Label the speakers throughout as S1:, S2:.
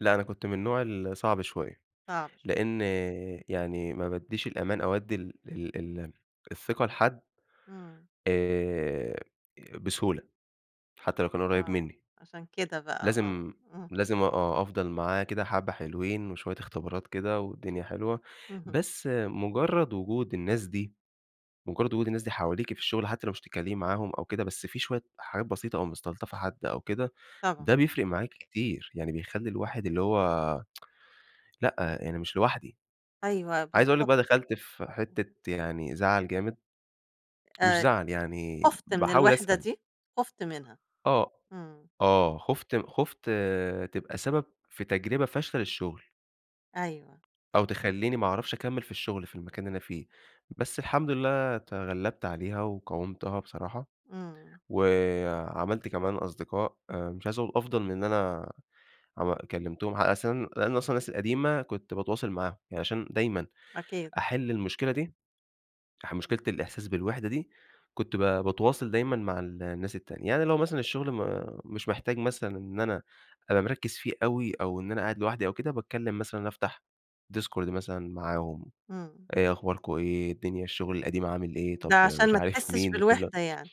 S1: لأ أنا كنت من النوع الصعب شويّة،
S2: صعب شوية.
S1: لأن يعني ما بادّيش الأمان أو أدّي ال ال ال الثقة لحد
S2: إمم.
S1: آآ بسهولة حتّى لو كان قريب
S2: آه
S1: مِنّي،
S2: عشان كده بقى آه.
S1: لازم
S2: إمم.
S1: لازم آه أفضل معاه كده حبّة حلوين وشويّة اختبارات كده والدنيا حلوة،
S2: اهم.
S1: بس مجرّد وجود الناس دي مجرّد وجود الناس دي حواليكِ في الشغل، حتّى لو مش تتكلّمي معاهم أو كده، بس في شويّة حاجات بسيطة أو مستلطفة حد أو كده، ده
S2: طبعًا.
S1: بيفرق معاكِ كتير يعني، بيخلّي الواحد اللي هو، لأ أنا مش لوحدي،
S2: أيوه
S1: عايز أقول لِك
S2: بالضبط،
S1: بقى دخلت في
S2: اهم.
S1: حتّة يعني زعل جامد، مش
S2: آآ
S1: زعل يعني
S2: خُفت من
S1: باحاول
S2: الوحدة
S1: أسأل.
S2: دي؟ خُفت منها،
S1: آه
S2: إمم.
S1: ،آه خُفت خُفت تبقى سبب في تجربة فاشلة للشغل.
S2: أيوه.
S1: أو
S2: إمم.
S1: تخليني ما أعرفش أكمل في الشغل في المكان اللي أنا فيه، بس الحمد لله تغلبت عليها وقاومتها بصراحة،
S2: إمم.
S1: وعملت كمان أصدقاء، مش عايزة أقول أفضل من أنا عم كلمتهم، علي أس لأن أصلًا الناس القديمة كنت باتواصل معاهم، يعني عشان دايمًا
S2: أكيد.
S1: أحل المشكلة دي، أح مشكلة الإحساس بالوحدة دي، كنت ب باتواصل دايمًا مع الناس التانية، يعني لو مثلًا الشغل م مش محتاج مثلًا إن أنا أبقى مركّز فيه أوي أو إن أنا قاعد لوحدي أو كده، باتكلّم مثلًا، أفتح ديسكورد مثلًا معاهم،
S2: إمم.
S1: إيه أخباركم، إيه الدنيا، الشغل القديم عامل إيه؟ طب
S2: ده عشان
S1: مش
S2: ما
S1: عارف
S2: تحسش
S1: مين، وكل ده.
S2: بالوحدة يعني؟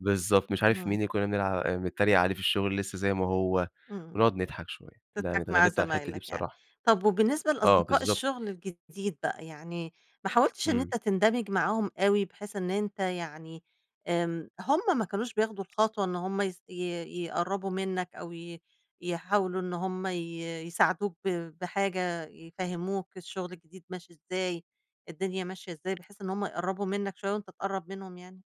S1: بالضبط مش عارف مين
S2: همم.
S1: اللي كنا بنلع بنتريق عليه في الشغل لسّه زي ما هو
S2: إمم،
S1: ونقعد نضحك شويّة، يعني
S2: تضحك مع
S1: اتغلبت على الحتّة دي
S2: زمايلك يعني،
S1: بصراحة.
S2: طَب وبالنسبة
S1: آه
S2: لأصدقاء
S1: بالضبط
S2: الشغل الجديد بقى، يعني ما حاولتش إن
S1: إمم.
S2: أنت تندمج معاهم أوي بحيث إن أنت يعني آمم، هُم ما كانوش بياخدوا الخطوة إن هُم ي ي يقربوا منّك أو ي يحاولوا إن هُم ي يساعدوك ب بحاجة، يفهموك الشغل الجديد ماشي إزاي، الدنيا ماشية إزاي، بحيث إن هُم يقربوا منّك شويّة وأنت تقرب منهم يعني؟